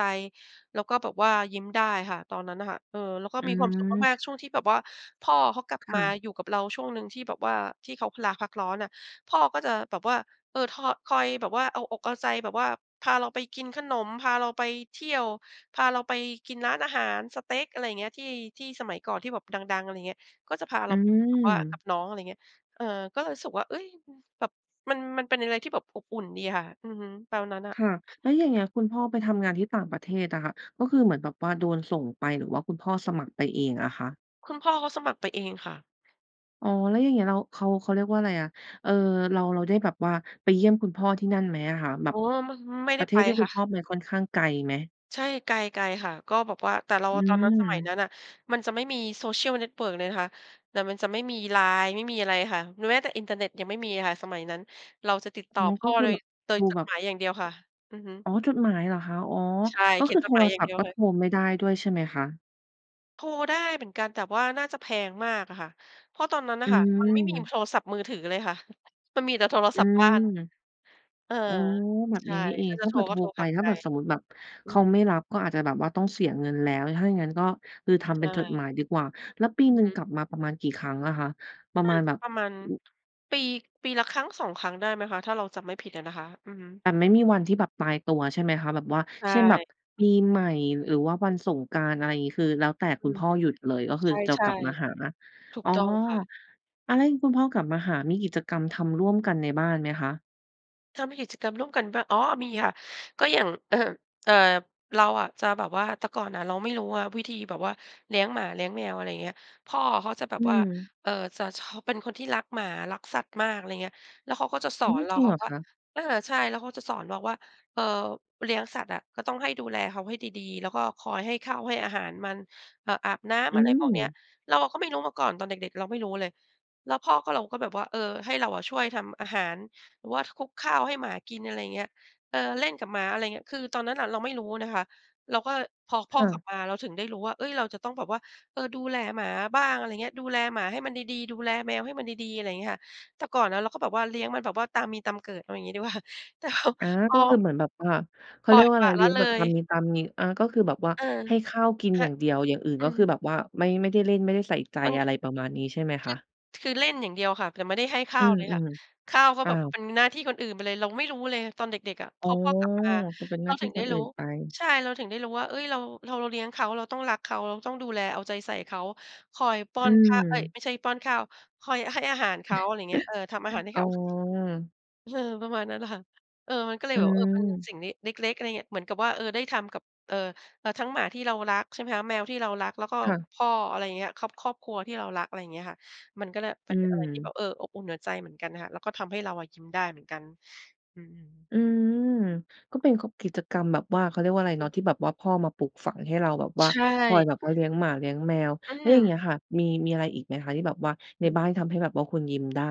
[SPEAKER 2] แล้วก็แบบว่ายิ้มได้ค่ะ ตอนนั้นน่ะค่ะ เออ แล้วก็
[SPEAKER 1] อื
[SPEAKER 2] มีความสุขมาก ๆ ช่
[SPEAKER 1] ม
[SPEAKER 2] วงที่แบบว่าพ่อเขากลับ
[SPEAKER 1] ค
[SPEAKER 2] ม
[SPEAKER 1] ่
[SPEAKER 2] า
[SPEAKER 1] ะ
[SPEAKER 2] อยู่กับเราช่วงหนึ่งที่แบบว่าที่เขาลาพักร้อนน่ะ พ่อก็จะแบบว่า เออ ทอ คอยแบบว่าเอาอกเอาใจแบบว่าพาเราไปกินขนม พาเราไปเที่ยว พาเราไปกินร้านอาหารสเต๊ก อะไรอย่างเงี้ย ที่ ที่สมัยก่อนที่แบบดัง ๆ อะไรเงี้ย ก็จะพา
[SPEAKER 1] อ
[SPEAKER 2] เ
[SPEAKER 1] ื
[SPEAKER 2] ราแบบว่ากั
[SPEAKER 1] ม
[SPEAKER 2] บน้อง อะไรเงี้ย เออ ก็เลยรู้สึกว่า เฮ้ย แบบ มัน มันเป็นอะไรที่แบบอบอุ่นดีอะค่ะ อือฮึ ตอนนั้นน่ะ
[SPEAKER 1] ค่ะ แล้วอย่างเงี้ย คุณพ่อไปทำงานที่ต่างประเทศอะค่ะ ก็คือเหมือนแบบว่าโดนส่งไป หรือว่าคุณพ่อสมัครไปเองอะคะ?
[SPEAKER 2] คุณพ่อเขาสมัครไปเองค่ะ
[SPEAKER 1] อ๋อ แล้วอย่างงี้เรา เขา เขาเรียกว่าอะไรอะ เอ่อ เรา เราได้แบบว่าไปเยี่ยมคุณพ่อที่นั่นไหมอะคะ แบ
[SPEAKER 2] อ
[SPEAKER 1] บ
[SPEAKER 2] ๋อ มะ ไม่ไ
[SPEAKER 1] ป
[SPEAKER 2] ด
[SPEAKER 1] ร
[SPEAKER 2] ้
[SPEAKER 1] ะเท
[SPEAKER 2] ไป
[SPEAKER 1] ศที่ค
[SPEAKER 2] ค
[SPEAKER 1] ุ
[SPEAKER 2] ่
[SPEAKER 1] ณ
[SPEAKER 2] ะ
[SPEAKER 1] พ่อไปค่อนข้างไกลไหม?
[SPEAKER 2] ใช่ ไกล ไกลค่ะ ก็แบบว่า แต่เรา
[SPEAKER 1] อื
[SPEAKER 2] ตอนนั้น สมัยน
[SPEAKER 1] ม
[SPEAKER 2] ั้นน่ะ มันจะไม่มี Social Network เลยนะคะ แต่มันจะไม่มี LINE ไม่มีอะไรค่ะ หรือแม้แต่อินเทอร์เน็ตยังไม่มีอะค่ะ สมัยนั้น เราจะติดต
[SPEAKER 1] อ๋
[SPEAKER 2] ่
[SPEAKER 1] อ
[SPEAKER 2] อพ
[SPEAKER 1] ก
[SPEAKER 2] ่
[SPEAKER 1] ็
[SPEAKER 2] อ
[SPEAKER 1] คือ
[SPEAKER 2] โด
[SPEAKER 1] แ
[SPEAKER 2] ย
[SPEAKER 1] บบ
[SPEAKER 2] โด
[SPEAKER 1] อ
[SPEAKER 2] ย
[SPEAKER 1] ยู่
[SPEAKER 2] จ
[SPEAKER 1] แ
[SPEAKER 2] ด
[SPEAKER 1] บบ
[SPEAKER 2] หมายอย่างเดียวค่ะ อือฮึ
[SPEAKER 1] อ๋อ จดหมายเหรอคะ อ๋อ
[SPEAKER 2] ใช่
[SPEAKER 1] ก็
[SPEAKER 2] เขีย
[SPEAKER 1] คื
[SPEAKER 2] น
[SPEAKER 1] อ
[SPEAKER 2] จ
[SPEAKER 1] โท
[SPEAKER 2] ดหมา
[SPEAKER 1] ร
[SPEAKER 2] ยอย่า
[SPEAKER 1] ศ
[SPEAKER 2] ง
[SPEAKER 1] ัพ
[SPEAKER 2] เดี
[SPEAKER 1] ท
[SPEAKER 2] ย
[SPEAKER 1] ์ก
[SPEAKER 2] ว
[SPEAKER 1] ็
[SPEAKER 2] ค่
[SPEAKER 1] โท
[SPEAKER 2] ะ
[SPEAKER 1] รไม่ได้ด้วยใช่ไหมคะ?
[SPEAKER 2] โทรได้เหมือนกัน แต่ว่าน่าจะแพงมากอะค่ะ เพราะตอนนั้นน
[SPEAKER 1] อ
[SPEAKER 2] ่ะ
[SPEAKER 1] ื
[SPEAKER 2] ค่ะ มันไม่มี
[SPEAKER 1] ม
[SPEAKER 2] โทรศัพท์มือถือเลยค่ะ (chuckles) มันมีแต่โทร
[SPEAKER 1] อื
[SPEAKER 2] ศัพท์บ้
[SPEAKER 1] ม
[SPEAKER 2] าน เออ
[SPEAKER 1] อืม แบบ
[SPEAKER 2] ใช
[SPEAKER 1] น
[SPEAKER 2] ่
[SPEAKER 1] ี้นี่เอ
[SPEAKER 2] ถ้
[SPEAKER 1] ง
[SPEAKER 2] าจ
[SPEAKER 1] ถ
[SPEAKER 2] ะ
[SPEAKER 1] ้า
[SPEAKER 2] โท
[SPEAKER 1] เก
[SPEAKER 2] ร
[SPEAKER 1] ิดโ
[SPEAKER 2] ก
[SPEAKER 1] ท
[SPEAKER 2] ็
[SPEAKER 1] ร
[SPEAKER 2] โทร
[SPEAKER 1] ไป
[SPEAKER 2] ทาง
[SPEAKER 1] ถ้
[SPEAKER 2] ไก
[SPEAKER 1] าเ
[SPEAKER 2] ล
[SPEAKER 1] กิดสมมติแบบ
[SPEAKER 2] อื
[SPEAKER 1] เข
[SPEAKER 2] อ
[SPEAKER 1] า
[SPEAKER 2] ฮึ
[SPEAKER 1] ไม่รับ ก็อาจจะแบบว่าต้องเสียเงินแล้ว ถ้าอย่างงั้นก็คือท
[SPEAKER 2] ใช
[SPEAKER 1] ำเป็นจดห
[SPEAKER 2] ่
[SPEAKER 1] มายดีกว่า แล้วปี
[SPEAKER 2] อื
[SPEAKER 1] ห
[SPEAKER 2] อ
[SPEAKER 1] นึ่
[SPEAKER 2] ฮ
[SPEAKER 1] ง
[SPEAKER 2] ึ
[SPEAKER 1] กลับมาประมาณกี่ครั้งอะคะ? ประ
[SPEAKER 2] น่
[SPEAKER 1] ม
[SPEAKER 2] า
[SPEAKER 1] าณ
[SPEAKER 2] จ
[SPEAKER 1] แ
[SPEAKER 2] ะ
[SPEAKER 1] บบ
[SPEAKER 2] ประมาณ ปี ปีละครั้ง 2 ครั้งได้ไหมคะ ถ้าเราจำไม่ผิดอะนะคะ อือฮึ
[SPEAKER 1] แต่ไม่มีวันที่แบบตายตัวใช่ไหมคะ? แบบว่า
[SPEAKER 2] ใช
[SPEAKER 1] เช่น แบบ
[SPEAKER 2] ่
[SPEAKER 1] ปีใหม่หรือว่าวันสงกรานต์ อะไรอย่างงี้ คือแล้วแต่ค
[SPEAKER 2] อ
[SPEAKER 1] ุ
[SPEAKER 2] ื
[SPEAKER 1] ณ
[SPEAKER 2] อ
[SPEAKER 1] พ่อหยุดเลย ก็คือจะ
[SPEAKER 2] ใช
[SPEAKER 1] กลั
[SPEAKER 2] ่
[SPEAKER 1] บมาหา
[SPEAKER 2] ๆ ถู
[SPEAKER 1] อ
[SPEAKER 2] ก
[SPEAKER 1] ๋อ
[SPEAKER 2] ต้องค่ะ
[SPEAKER 1] อะ แล้วอย่างนี้คุณพ่อกลับมาหา มีกิจกรรมทำร่วมกันในบ้านไหมคะ?
[SPEAKER 2] ทำกิจกรรมร่วมกันบ้า อ๋อ มีค่ะ ก็อย่าง (clears throat) เอ่อ เราอะจะแบบว่า แต่ก่อนอะเราไม่รู้อะวิธีแบบว่าเลี้ยงหมา เลี้ยงแมว อะไรอย่างเงี้ย พ่อเขาจะแบ
[SPEAKER 1] อื
[SPEAKER 2] บ
[SPEAKER 1] อ
[SPEAKER 2] ว่า
[SPEAKER 1] ฮึ
[SPEAKER 2] เอ่อ จะชอ เป็นคนที่รักหมา รักสัตว์มาก อะไรเงี้ย แล้วเขาก็จะส
[SPEAKER 1] อื
[SPEAKER 2] อ
[SPEAKER 1] ม
[SPEAKER 2] นเร
[SPEAKER 1] จ
[SPEAKER 2] า
[SPEAKER 1] ริงเ
[SPEAKER 2] ค่
[SPEAKER 1] ห
[SPEAKER 2] ะ
[SPEAKER 1] รอ
[SPEAKER 2] ว่
[SPEAKER 1] ค
[SPEAKER 2] า
[SPEAKER 1] ะ?
[SPEAKER 2] เออ ใช่ แล้วเขาจะสอน บอกว่า "เออ เลี้ยงสัตว์อะ ก็ต้องให้ดูแลเขาให้ดี ๆ แล้วก็คอยให้ข้าวให้ อาหารมัน อ อาบน้ำ"
[SPEAKER 1] อื
[SPEAKER 2] อะไรพวกเนี้ย
[SPEAKER 1] ม
[SPEAKER 2] เราอะก็ไม่รู้มาก่อน ตอนเด็ก ๆ เราไม่รู้เลย แล้วพ่อก็ เรา ก็แบบว่า เออ ให้เราอะช่วยทำอาหาร หรือว่าคลุกข้าวให้หมากิน อะไรอย่างเงี้ย เออ เล่นกับหมา อะไรเงี้ย คือตอนนั้นน่ะเราไม่รู้นะคะ เราก็ พอพ
[SPEAKER 1] ค
[SPEAKER 2] ่อ
[SPEAKER 1] ่
[SPEAKER 2] กลั
[SPEAKER 1] ะ
[SPEAKER 2] บมา เราถึงได้รู้ว่า เฮ้ย เราจะต้องแบบว่า เออ ดูแลหมาบ้าง อะไรเงี้ย ดูแลหมาให้มันดี ๆ ดูแลแมวให้มันดี ๆ อะไรอย่างเงี้ยค่ะ แต่ก่อนนะเราก็แบบว่าเลี้ยงมันแบบว่าตามมีตามเกิด เอาอย่างงี้ดี กว่า แต่พอ
[SPEAKER 1] อา
[SPEAKER 2] พ
[SPEAKER 1] ก็คือ
[SPEAKER 2] อ
[SPEAKER 1] เหมือนแบบว่า เขา
[SPEAKER 2] ป
[SPEAKER 1] เ
[SPEAKER 2] ล
[SPEAKER 1] ร
[SPEAKER 2] ่
[SPEAKER 1] ีย
[SPEAKER 2] อย
[SPEAKER 1] กว่า
[SPEAKER 2] ป
[SPEAKER 1] ไ
[SPEAKER 2] ล
[SPEAKER 1] ร
[SPEAKER 2] ะ
[SPEAKER 1] เล
[SPEAKER 2] ล
[SPEAKER 1] ี้
[SPEAKER 2] ะ
[SPEAKER 1] ยง
[SPEAKER 2] เ
[SPEAKER 1] แบ
[SPEAKER 2] ล
[SPEAKER 1] บต
[SPEAKER 2] ย
[SPEAKER 1] ามมี ตามมี อ่า ก็คือแบบว่า
[SPEAKER 2] เออ
[SPEAKER 1] ให้ข้าวกิน
[SPEAKER 2] ค
[SPEAKER 1] อย่างเดียว อย่างอื่น
[SPEAKER 2] อื
[SPEAKER 1] ก็คือ
[SPEAKER 2] ม
[SPEAKER 1] แบบว่าไม่ ไม่ได้เล่น ไม่ได้ใส่ใจ
[SPEAKER 2] มัน
[SPEAKER 1] อะไรประมาณนี้ใช่ไหม
[SPEAKER 2] ค
[SPEAKER 1] ค
[SPEAKER 2] ื
[SPEAKER 1] ะ?
[SPEAKER 2] อ คือเล่นอย่างเดียวค่ะ แต่ไม่ได้ให้ข
[SPEAKER 1] อ
[SPEAKER 2] ้
[SPEAKER 1] ื
[SPEAKER 2] าวเลยค่ะ
[SPEAKER 1] ม
[SPEAKER 2] ข้าวก็
[SPEAKER 1] ๆ อ้
[SPEAKER 2] แ
[SPEAKER 1] า
[SPEAKER 2] บบ ป
[SPEAKER 1] ว
[SPEAKER 2] เป็นหน้าที่คนอื่นไปเลย เราไม่รู้เลยตอนเด็ก ๆ อะ
[SPEAKER 1] อ
[SPEAKER 2] พ
[SPEAKER 1] ๋อ
[SPEAKER 2] อพ่อกลับมา
[SPEAKER 1] ก็เป็นห
[SPEAKER 2] เ
[SPEAKER 1] น
[SPEAKER 2] ร
[SPEAKER 1] ้
[SPEAKER 2] า
[SPEAKER 1] าที
[SPEAKER 2] ถ
[SPEAKER 1] ่
[SPEAKER 2] ึง
[SPEAKER 1] ค
[SPEAKER 2] ได้
[SPEAKER 1] นอื
[SPEAKER 2] รู
[SPEAKER 1] ่
[SPEAKER 2] ้
[SPEAKER 1] นไป
[SPEAKER 2] ใช่ เราถึงได้รู้ว่า เอ๊ย เรา เรา เราเลี้ยงเขา เราต้องรักเขา เราต้องดูแลเอาใจใส่เขา คอยป้
[SPEAKER 1] อ
[SPEAKER 2] อ
[SPEAKER 1] ื
[SPEAKER 2] นข้าว เอ๊ย
[SPEAKER 1] ม
[SPEAKER 2] ไม่ใช่ป้อนข้าว คอยให้อาหารเขา อ
[SPEAKER 1] (chuckles)
[SPEAKER 2] ะไรอย่างเงี้ย เออ ทำอาหารให้
[SPEAKER 1] อ๋
[SPEAKER 2] เข
[SPEAKER 1] อ
[SPEAKER 2] า เออ ประมาณนั้นน่ะค่ะ เออ มันก็เล
[SPEAKER 1] อ
[SPEAKER 2] ย
[SPEAKER 1] ื
[SPEAKER 2] แบบ เออ เป็น
[SPEAKER 1] ม
[SPEAKER 2] สิ่งนี้เล็ก ๆ อะไรเงี้ย เหมือนกับว่า เออ ได้ทำกับ เอ่อ อา ทั้งหมาที่เรารัก ใช่ไหมคะ แมวที่เรารัก แล้วก็
[SPEAKER 1] ค่ะ
[SPEAKER 2] พ่อ อะไรอย่างเงี้ย ครอบ ครอบครัวที่เรารัก อะไรอย่างเงี้ยค่ะ มันก็เลย
[SPEAKER 1] อ
[SPEAKER 2] ม
[SPEAKER 1] ื
[SPEAKER 2] ันเป็นอะไรที่แบ
[SPEAKER 1] ม
[SPEAKER 2] บ เออ อบอุ่นหัวใจเหมือนกันน่ะค่ะ แล้วก็ทำให้เราอะยิ้มได้เหมือนกัน อืม
[SPEAKER 1] อืม ก็เป็น ก กิจกรรมแบบว่า เขาเรียกว่าอะไร
[SPEAKER 2] อ
[SPEAKER 1] เนา
[SPEAKER 2] ืม
[SPEAKER 1] ะ ที่แบบว่าพ่อมาปลูกฝังให้เราแบบว่า
[SPEAKER 2] ใช
[SPEAKER 1] คอย
[SPEAKER 2] ่
[SPEAKER 1] แบบว่าเลี้ยงหมาเลี้ยงแมว
[SPEAKER 2] อื
[SPEAKER 1] แล้วอย่างเ
[SPEAKER 2] ม
[SPEAKER 1] งี้ยค่ะ มี มีอะไรอีกไหมคะ ที่แบบว่าใ
[SPEAKER 2] อ
[SPEAKER 1] น
[SPEAKER 2] ืม
[SPEAKER 1] บ้านที่ทำให้แบบว่าคุณยิ้มได้?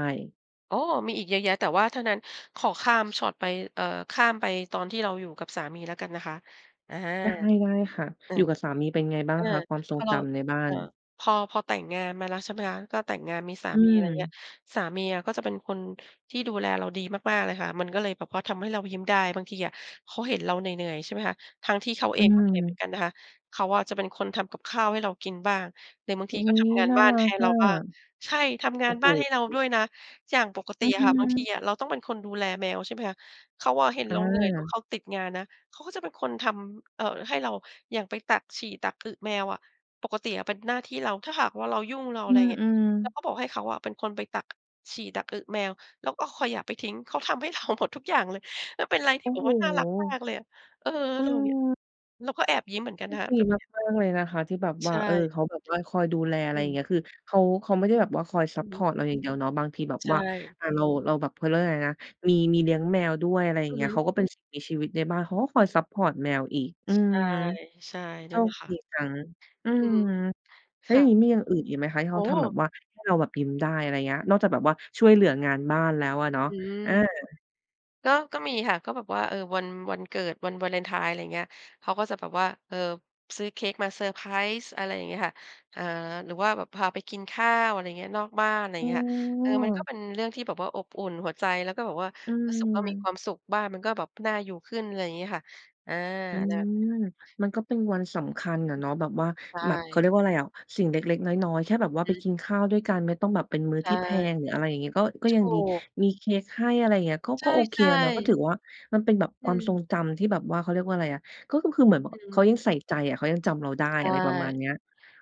[SPEAKER 2] อ้อ มีอีกเยอะแยะ แต่ว่าทั้งนั้นขอข้ามช็อตไป เอ่อ ข้ามไปตอนที่เราอยู่กับสามีแล้วกันนะคะ อะฮะ
[SPEAKER 1] ได้ ๆ ค่ะ
[SPEAKER 2] เออ
[SPEAKER 1] อยู่กับสามีเป็นไงบ้า
[SPEAKER 2] เ
[SPEAKER 1] ง
[SPEAKER 2] ออ
[SPEAKER 1] คะ? ความทร
[SPEAKER 2] พ
[SPEAKER 1] ง
[SPEAKER 2] อเร
[SPEAKER 1] จ
[SPEAKER 2] า
[SPEAKER 1] ำในบ้า
[SPEAKER 2] เอ่
[SPEAKER 1] น
[SPEAKER 2] อ พอ พอแต่งงานมาแล้ว ใช่ไหมคะ ก็แต่งงานมีสา
[SPEAKER 1] อื
[SPEAKER 2] มี อะไรเงี้ย
[SPEAKER 1] ม
[SPEAKER 2] สามีอะก็จะเป็นคนที่ดูแลเราดีมาก ๆ เลยค่ะ มันก็เลยแบบว่าทำให้เรายิ้มได้ บางทีอะเขาเห็นเราเหนื่อย ๆ ใช่ไหมคะ ทั้งที่เขา
[SPEAKER 1] อ
[SPEAKER 2] เ
[SPEAKER 1] ื
[SPEAKER 2] องก็เหนื่อยเห
[SPEAKER 1] ม
[SPEAKER 2] มือนกันนะคะ เขาอะจะเป็นคนทำกับข้าวให้เรากินบ้าง หรือบางท
[SPEAKER 1] อุ
[SPEAKER 2] ี
[SPEAKER 1] ๊
[SPEAKER 2] ก็ท
[SPEAKER 1] ย
[SPEAKER 2] ำงาน
[SPEAKER 1] น่า
[SPEAKER 2] บ้าน
[SPEAKER 1] รั
[SPEAKER 2] ให
[SPEAKER 1] ก
[SPEAKER 2] ้เ
[SPEAKER 1] อ
[SPEAKER 2] รา
[SPEAKER 1] ะ
[SPEAKER 2] บ้าง ใช่ ทำง
[SPEAKER 1] โ
[SPEAKER 2] า
[SPEAKER 1] อ้
[SPEAKER 2] น
[SPEAKER 1] โฮ
[SPEAKER 2] บ้านให้เราด้วยนะ อย่างปกต
[SPEAKER 1] อ
[SPEAKER 2] ิ
[SPEAKER 1] ื้อ
[SPEAKER 2] อ
[SPEAKER 1] ฮ
[SPEAKER 2] ะค
[SPEAKER 1] ื
[SPEAKER 2] ่ะบางที
[SPEAKER 1] อ
[SPEAKER 2] อะเราต้องเป็นคนดูแลแมว ใช่ไหมคะ เขาอะเห็น
[SPEAKER 1] อ
[SPEAKER 2] เราเหนื่อยแล้ว
[SPEAKER 1] า
[SPEAKER 2] เขาติดงานนะ เขาก็จะเป็นคนทำ เอ่อ ให้เรา อย่างไปตักฉี่ตัก อึแมวอะ ปกติอะเป็นหน้าที่เรา ถ้าหากว่าเรายุ่ง เรา อ
[SPEAKER 1] อ
[SPEAKER 2] ะ
[SPEAKER 1] ื
[SPEAKER 2] ไรเงี้ย
[SPEAKER 1] อ
[SPEAKER 2] เรา
[SPEAKER 1] ๆ
[SPEAKER 2] ก็บอกให้เขาอะ เป็นคนไปตักฉี่ตักอึแมว แล้วก็คอยเอาขยะ ไปทิ้ง เขาทำให้ เทาหมด ทุกอย่างเลย แล้วเป็นไรท
[SPEAKER 1] โอ
[SPEAKER 2] ี่
[SPEAKER 1] ้
[SPEAKER 2] แบบ
[SPEAKER 1] โฮ
[SPEAKER 2] ว่าน่ารักมากเลยอะ เออ เราเนี่ย
[SPEAKER 1] เออ
[SPEAKER 2] เราก็แอบยิ้มเหมือนกั
[SPEAKER 1] โช
[SPEAKER 2] นนะ
[SPEAKER 1] ค
[SPEAKER 2] คะ
[SPEAKER 1] ดี
[SPEAKER 2] แบบ
[SPEAKER 1] ม
[SPEAKER 2] เนี้ย
[SPEAKER 1] าก ๆ เลยนะคะ ที่แบบ
[SPEAKER 2] ใ
[SPEAKER 1] ว
[SPEAKER 2] ช
[SPEAKER 1] ่า เออ
[SPEAKER 2] ่
[SPEAKER 1] เขาแบบว่าคอยดูแล อะไ
[SPEAKER 2] อ
[SPEAKER 1] ร
[SPEAKER 2] ืม
[SPEAKER 1] เงี้ย คือเขา เขาไม่ได้แบบว่าคอยซั
[SPEAKER 2] อ
[SPEAKER 1] ป
[SPEAKER 2] ือ
[SPEAKER 1] พ
[SPEAKER 2] ฮึ
[SPEAKER 1] อร์ตเราอย่างเดียวเนาะ บางทีแบบ
[SPEAKER 2] ใช
[SPEAKER 1] ว่า
[SPEAKER 2] ่
[SPEAKER 1] อา เรา เราแบบ เขาเรียกว่าอะไรนะ มี มีเลี้ยงแมวด้วย อะไรอย่า
[SPEAKER 2] อ
[SPEAKER 1] ง
[SPEAKER 2] ื
[SPEAKER 1] เง
[SPEAKER 2] อ
[SPEAKER 1] ี้
[SPEAKER 2] ฮ
[SPEAKER 1] ย
[SPEAKER 2] ึ
[SPEAKER 1] เขาก็เป็นสิ่งมีชีวิตในบ้าน เขาก็คอยซัปพอร์ตเแมวอีก อื
[SPEAKER 2] ใช
[SPEAKER 1] ม
[SPEAKER 2] ่ ใช่
[SPEAKER 1] โช
[SPEAKER 2] นั่นแหล
[SPEAKER 1] ค
[SPEAKER 2] ะค่ะ
[SPEAKER 1] ดีจัง อื
[SPEAKER 2] อือ
[SPEAKER 1] ม
[SPEAKER 2] ฮึ
[SPEAKER 1] แล
[SPEAKER 2] ค
[SPEAKER 1] ้วอ
[SPEAKER 2] ่
[SPEAKER 1] ย
[SPEAKER 2] ะ
[SPEAKER 1] ่างงี้มีอย่างอื่นอีกไหมคะ? ที่
[SPEAKER 2] โ
[SPEAKER 1] เ
[SPEAKER 2] อ
[SPEAKER 1] ข
[SPEAKER 2] ้
[SPEAKER 1] าท
[SPEAKER 2] โ
[SPEAKER 1] ำแบ
[SPEAKER 2] ฮ
[SPEAKER 1] บว่าให้เราแบบยิ้มได้ อะไรเงี้ย นอกจากแบบว่าช่วยเหลืองานบ้านแล้วอะเนาะ
[SPEAKER 2] อืม
[SPEAKER 1] อา
[SPEAKER 2] ก็ ก็มีค่ะ ก็แบบว่า เออ วัน วันเกิด วันวาเลนไทน์ อะไรเงี้ย เขาก็จะแบบว่า เอ่อ ซื้อเค้กมาเซอร์ไพรส์ อะไรอย่างงี้ค่ะ อ่า หรือว่าแบบพาไปกินข้าว อะไรเงี้ย นอกบ้าน ไร
[SPEAKER 1] โ
[SPEAKER 2] เงี้ยค่ะ เออ มันก็
[SPEAKER 1] อ้
[SPEAKER 2] เป็นเรื่องที่แบบว่าอบอุ่นหัวใจ แล้วก็แบบว่า
[SPEAKER 1] อื
[SPEAKER 2] รู้สึกว่ามีคว
[SPEAKER 1] ม
[SPEAKER 2] ามสุข บ้านมันก็แบบน่าอยู่ขึ้น ไรงี้ค่ะ อา
[SPEAKER 1] อื
[SPEAKER 2] แบบนี
[SPEAKER 1] ม
[SPEAKER 2] ้ค่ะ
[SPEAKER 1] มันก็เป็นวันสำคัญน่
[SPEAKER 2] อ
[SPEAKER 1] ะ
[SPEAKER 2] ือ
[SPEAKER 1] เนาะ แบบว่า
[SPEAKER 2] ใช
[SPEAKER 1] แบบ เขาเรี
[SPEAKER 2] ่
[SPEAKER 1] ยกว่าอะไรอะ สิ่งเล็ก ๆ น้อย ๆ แค่แบ
[SPEAKER 2] อ
[SPEAKER 1] บ
[SPEAKER 2] ือ
[SPEAKER 1] ว่า
[SPEAKER 2] ฮ
[SPEAKER 1] ไป
[SPEAKER 2] ึ
[SPEAKER 1] กินข้าวด้วยกัน ไม่ต้องแบบเป็นมื้อ
[SPEAKER 2] ใช
[SPEAKER 1] ท
[SPEAKER 2] ่
[SPEAKER 1] ี่แพง หรืออะไรอย่างงี้ ก็ ก็
[SPEAKER 2] ถ
[SPEAKER 1] ยั
[SPEAKER 2] ู
[SPEAKER 1] งดี
[SPEAKER 2] ก
[SPEAKER 1] มีเค้กให้ อะไรอย่างเงี้ย ก็
[SPEAKER 2] ใ
[SPEAKER 1] ก็โอเค
[SPEAKER 2] ช่
[SPEAKER 1] แล้วเนาะ ก็ถ
[SPEAKER 2] ๆ
[SPEAKER 1] ือว่า มันเป็นแบบ
[SPEAKER 2] อ
[SPEAKER 1] ค
[SPEAKER 2] ื
[SPEAKER 1] วามทร
[SPEAKER 2] ม
[SPEAKER 1] งจำที่แบบว่า เขาเรียกว่าอะไรอะ ก็ ก็คือเหมือน บ
[SPEAKER 2] อ
[SPEAKER 1] ว
[SPEAKER 2] ื
[SPEAKER 1] เขา
[SPEAKER 2] ม
[SPEAKER 1] ยังใส่ใจอะ เขายังจำเราได้
[SPEAKER 2] ใช
[SPEAKER 1] อ
[SPEAKER 2] ่
[SPEAKER 1] ะไรประมาณเนี้ย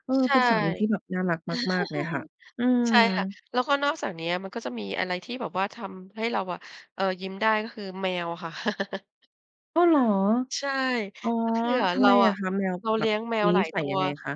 [SPEAKER 1] เออ
[SPEAKER 2] ใช
[SPEAKER 1] เ
[SPEAKER 2] ่
[SPEAKER 1] ป็นสามีที่แบบน่ารักมาก ๆ เลยค่ะ
[SPEAKER 2] (chuckles)
[SPEAKER 1] อื
[SPEAKER 2] ใช่ค่ะ
[SPEAKER 1] ม
[SPEAKER 2] แล้วก็นอกจากเนี้ย มันก็จะมีอะไรที่แบบว่าทำให้เราอะ เออ ยิ้มได้ก็คือแมวค่ะ (chuckles) อือฮึ
[SPEAKER 1] อ้อ เหรอ?
[SPEAKER 2] ใช่
[SPEAKER 1] อ๋อ
[SPEAKER 2] ก็คืออะ
[SPEAKER 1] ทำ
[SPEAKER 2] เร
[SPEAKER 1] ไ
[SPEAKER 2] า
[SPEAKER 1] มอ
[SPEAKER 2] อ
[SPEAKER 1] ะ
[SPEAKER 2] ะ
[SPEAKER 1] คะ? แมว
[SPEAKER 2] เรา
[SPEAKER 1] แบ
[SPEAKER 2] เลี
[SPEAKER 1] บ
[SPEAKER 2] ้ยงแม
[SPEAKER 1] ม
[SPEAKER 2] ว
[SPEAKER 1] ี
[SPEAKER 2] หล
[SPEAKER 1] นิ
[SPEAKER 2] าย
[SPEAKER 1] สั
[SPEAKER 2] ต
[SPEAKER 1] ย
[SPEAKER 2] ั
[SPEAKER 1] ย
[SPEAKER 2] ว
[SPEAKER 1] ังไงคะ?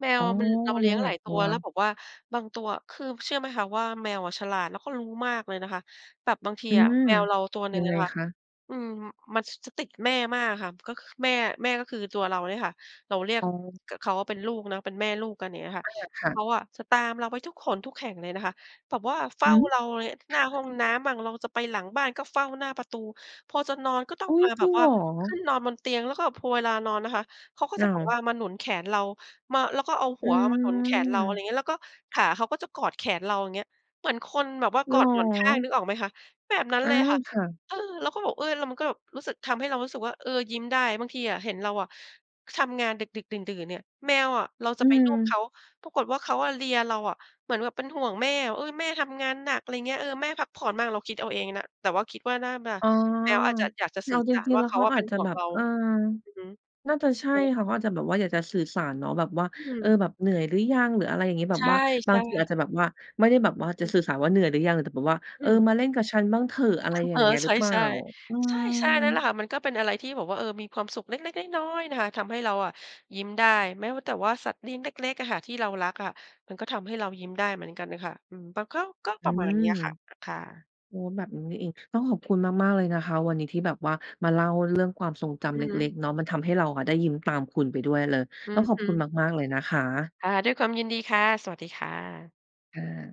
[SPEAKER 2] แม
[SPEAKER 1] อ๋
[SPEAKER 2] ว
[SPEAKER 1] อ
[SPEAKER 2] มัน เรา
[SPEAKER 1] เล
[SPEAKER 2] เ
[SPEAKER 1] ี
[SPEAKER 2] ลี
[SPEAKER 1] ้
[SPEAKER 2] ้
[SPEAKER 1] ย
[SPEAKER 2] ย
[SPEAKER 1] ง
[SPEAKER 2] ง
[SPEAKER 1] หล
[SPEAKER 2] หล
[SPEAKER 1] าย
[SPEAKER 2] าย
[SPEAKER 1] ต
[SPEAKER 2] ตั
[SPEAKER 1] ั
[SPEAKER 2] ว
[SPEAKER 1] ว
[SPEAKER 2] แล้วแบบว่าบาง ตัวอะ คือ ม เชื่อไหมคะว่า แมวอะฉลาดแล้วก็รู้มากเลยนะคะ? แบบบางที
[SPEAKER 1] อื
[SPEAKER 2] อะ
[SPEAKER 1] ม
[SPEAKER 2] แมวเราตัวหน
[SPEAKER 1] ย
[SPEAKER 2] ึ่
[SPEAKER 1] ั
[SPEAKER 2] ง
[SPEAKER 1] ง
[SPEAKER 2] อ
[SPEAKER 1] ไง
[SPEAKER 2] ะค่ะ
[SPEAKER 1] คะ?
[SPEAKER 2] อืม มัน ช จะติดแม่มากอะค่ะ ก็ ค แม่ แม่ก็คือตัวเราเนี้ยค่ะ เราเรียก
[SPEAKER 1] อ๋อ
[SPEAKER 2] กับเขาว่าเป็นลูกเนาะ เป็นแม่ลูกกัน อย่างเงี้ยค่
[SPEAKER 1] อ
[SPEAKER 2] ะ
[SPEAKER 1] า ค่ะ
[SPEAKER 2] เขาอะจะตามเราไปทุกหนทุกแห่งเลยนะคะ แบบว่าเฝ้
[SPEAKER 1] ห
[SPEAKER 2] า
[SPEAKER 1] ื
[SPEAKER 2] เรา
[SPEAKER 1] อ
[SPEAKER 2] เลย หน้าห้อง
[SPEAKER 1] (chuckles)
[SPEAKER 2] น้ำบ้าง เราจะไปหลังบ้านก็เฝ้าหน้าประตู พอจะนอนก็ต้อ
[SPEAKER 1] อ
[SPEAKER 2] ง
[SPEAKER 1] ุ๊
[SPEAKER 2] ม
[SPEAKER 1] ย!
[SPEAKER 2] าแ
[SPEAKER 1] จ
[SPEAKER 2] บ
[SPEAKER 1] ริ
[SPEAKER 2] บ
[SPEAKER 1] งเ
[SPEAKER 2] ว
[SPEAKER 1] ห
[SPEAKER 2] ่
[SPEAKER 1] ร
[SPEAKER 2] า
[SPEAKER 1] อ?
[SPEAKER 2] ขึ้นนอนบนเตียง แล้วก็พัวเวลานอนนะคะ เขาก็
[SPEAKER 1] อ้
[SPEAKER 2] จะ
[SPEAKER 1] า
[SPEAKER 2] แบ
[SPEAKER 1] ว
[SPEAKER 2] บว่ามาหนุนแขนเรา มา แล้วก็เอาห
[SPEAKER 1] อ
[SPEAKER 2] ั
[SPEAKER 1] ื
[SPEAKER 2] วมาหนุนแขนเรา อะไร
[SPEAKER 1] ม
[SPEAKER 2] งี้ แล้วก็ขาเขาก็จะกอดแขนเรา อย่างเงี้ย เหมือนคนแบบว่า
[SPEAKER 1] เ
[SPEAKER 2] ก
[SPEAKER 1] หร
[SPEAKER 2] อดหมอนข้าง
[SPEAKER 1] อ?
[SPEAKER 2] นึกออกไหมคะ? แบบนั้น
[SPEAKER 1] อ
[SPEAKER 2] เ
[SPEAKER 1] า
[SPEAKER 2] ลยค่ะ
[SPEAKER 1] ค่ะ
[SPEAKER 2] เออ แล้วก็บอก เอ๊ย! แล้วมันก็แบบรู้สึก ทำให้เรารู้สึกว่า เออ ยิ้มได้ บางทีอะ เห็นเราอะทำงานดึก ๆ ดื่น ๆ เนี่ย แมวอะ เรา
[SPEAKER 1] อ
[SPEAKER 2] จ
[SPEAKER 1] ื
[SPEAKER 2] ะไปลูบเข
[SPEAKER 1] อ
[SPEAKER 2] า ปรากฏว่า เขาอะเลียเราอะ เหมือนแบบเป็นห่วงแม่อะ "เออ แม่ทำงานหนัก" อะไรเงี้ย "เออ แม่พักผ่อนมั่ง" เราคิดเอาเองนะ แต่ว่าคิดว่าน่ามา
[SPEAKER 1] อ๋อ
[SPEAKER 2] แม้วอาจจะ อยากจะ
[SPEAKER 1] เร
[SPEAKER 2] สื่
[SPEAKER 1] า
[SPEAKER 2] อ
[SPEAKER 1] จ
[SPEAKER 2] สาร
[SPEAKER 1] ริง
[SPEAKER 2] ว
[SPEAKER 1] ๆ
[SPEAKER 2] ่
[SPEAKER 1] แ
[SPEAKER 2] า
[SPEAKER 1] ล้ว
[SPEAKER 2] เข
[SPEAKER 1] เ
[SPEAKER 2] า
[SPEAKER 1] ขา
[SPEAKER 2] อะ
[SPEAKER 1] อ
[SPEAKER 2] เป็
[SPEAKER 1] าจ
[SPEAKER 2] น
[SPEAKER 1] จะ
[SPEAKER 2] ห่ว
[SPEAKER 1] แบ
[SPEAKER 2] ง
[SPEAKER 1] บ
[SPEAKER 2] เรา
[SPEAKER 1] เออ
[SPEAKER 2] อือฮึ
[SPEAKER 1] น่าจะใช่
[SPEAKER 2] โอเค
[SPEAKER 1] ค
[SPEAKER 2] ค
[SPEAKER 1] ่
[SPEAKER 2] ่
[SPEAKER 1] ะ
[SPEAKER 2] ะ
[SPEAKER 1] เขาอาจจะแบบว่าอยากจะสื่อสารเนาะ แบบว่า
[SPEAKER 2] อื
[SPEAKER 1] เออ
[SPEAKER 2] ม
[SPEAKER 1] แบบเหนื่อยหรือยัง? หรืออะไรอย่างงี้ แบ
[SPEAKER 2] ใช
[SPEAKER 1] บว่าบาง
[SPEAKER 2] ่
[SPEAKER 1] ทีอา
[SPEAKER 2] ๆ
[SPEAKER 1] จจะแบบว่า ไม่ได้แบบว่า
[SPEAKER 2] อ
[SPEAKER 1] จะ
[SPEAKER 2] ื
[SPEAKER 1] สื่
[SPEAKER 2] ม
[SPEAKER 1] อสารว่า เหนื่อยหรือยัง? แต่แบบว่า
[SPEAKER 2] อ
[SPEAKER 1] เ
[SPEAKER 2] ื
[SPEAKER 1] ออ
[SPEAKER 2] ม
[SPEAKER 1] มาเล่นกับฉันบ้างเถอะ อะ
[SPEAKER 2] ค
[SPEAKER 1] ไร
[SPEAKER 2] ่ะ
[SPEAKER 1] อย
[SPEAKER 2] เ
[SPEAKER 1] ่
[SPEAKER 2] อ
[SPEAKER 1] า
[SPEAKER 2] อ
[SPEAKER 1] งเงี้ย
[SPEAKER 2] ใ
[SPEAKER 1] ห
[SPEAKER 2] ช
[SPEAKER 1] รือเปล่า?
[SPEAKER 2] ่
[SPEAKER 1] อื
[SPEAKER 2] ๆ
[SPEAKER 1] ม
[SPEAKER 2] ใช่ ๆ นั่นแหละค่ะ มันก็เป็นอะไรที่แบบว่า เออ มีความสุขเล็ก ๆ น้อย ๆ นะคะ ทำให้เราอะยิ้มได้ แม้ว่า แต่ว่าสัตว์เลี้ยงเล็ก ๆ อะค่ะที่เรารักอะ มันก็ทำให้เรายิ้มได้เหมือนกันน่ะค่ะ อืม ปะก็ ก็
[SPEAKER 1] อ
[SPEAKER 2] ป
[SPEAKER 1] ื
[SPEAKER 2] ระมาณ
[SPEAKER 1] ม
[SPEAKER 2] เนี้ยค่ะ อะ ค่ะ
[SPEAKER 1] โอ้ แบบนี้นี่เอง ต้องขอบคุณมาก ๆ เลยนะคะ วันนี้ที่แบบว่า มาเล่าเรื่องความทรงจ
[SPEAKER 2] อื
[SPEAKER 1] ำเล
[SPEAKER 2] อฮึ
[SPEAKER 1] ็ก ๆ เนาะ มันทำให้เราอะได้ยิ้มตามคุณไปด้วยเลย
[SPEAKER 2] อื
[SPEAKER 1] ต้องขอบค
[SPEAKER 2] อ
[SPEAKER 1] ุณ
[SPEAKER 2] ๆ
[SPEAKER 1] มาก ๆ เลยนะคะ
[SPEAKER 2] ค่ะ ด้วยความยินดีค่ะ สวัสดีค่ะ
[SPEAKER 1] ค่ะ